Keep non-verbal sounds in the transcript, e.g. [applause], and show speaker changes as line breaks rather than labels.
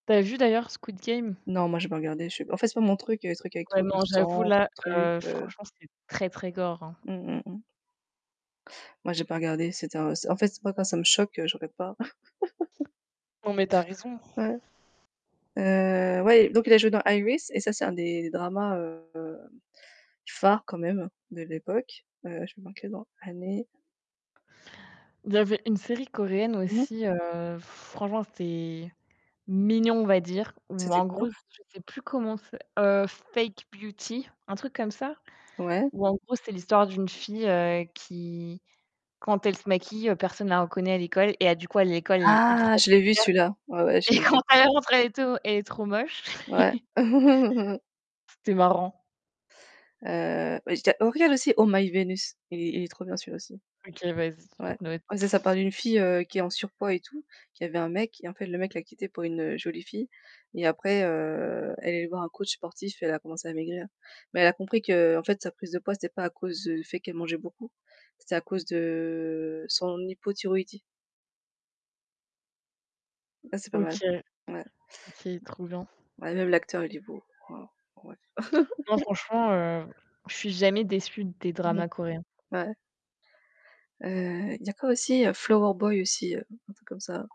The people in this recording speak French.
Tu as vu d'ailleurs Squid Game?
Non, moi j'ai pas regardé, je sais en fait c'est pas mon truc, les trucs avec
Ouais
trop de
non, j'avoue
sang,
là,
trop de trucs,
heu,
heu
franchement c'est très, très gore, hein.
Mmh mh, mmh. Moi j'ai pas regardé, c'était, en c en fait moi quand ça me choque, je regarde pas. [laughs]
Non, mais tu as raison.
Ouais, heu, ouais, donc il a joué dans Iris et ça c'est un des dramas, heu, phares quand même de l'époque, heu je vais marquer dans année.
Il y avait une série coréenne
Mmh.
aussi, heu, franchement, c'était mignon, on va dire, ou
C'était
en
quoi?
gros, je sais plus comment c'est? Heu, Fake Beauty. Un truc comme ça,
Ouais.
ou en gros, c'est l'histoire d'une fille, heu, qui, quand elle se maquille, personne la reconnaît à l'école et à du coup, à l'école elle est ultra
Ah! Je l'ai vu
populaire.
celui-là. Ouais, ouais je
Et
l'ai
quand
vu.
elle rentre elle est to elle est trop moche.
Ouais.
[chuckles]
[chuckles]
C'était marrant.
Heu, [unintelligible] oh regarde aussi Oh my Vénus, il est il est trop bien celui-là aussi.
OK, vas-y, je
Ouais.
note.
C'est ça parle d'une fille, heu, qui est en surpoids et tout, qui avait un mec, en fait le mec l'a quittée pour une, heu, jolie fille, et après, heu, elle est allée voir un coach sportif et elle a commencé à maigrir. Mais elle a compris qu'en fait sa prise de poids, c'était pas à cause du fait qu'elle mangeait beaucoup, c'était à cause de son hypothyroïdie. Ça c'est pas mal,
OK,
ouais.
OK, trop bien.
Bah, même l'acteur, il est beau. Waouh. Ouais.
Non,
[laughs]
franchement, heu, je suis jamais déçue des
Mmh mh,
dramas coréens.
ouais. Heu, il y a quoi aussi? Flower Boy aussi, un truc comme ça?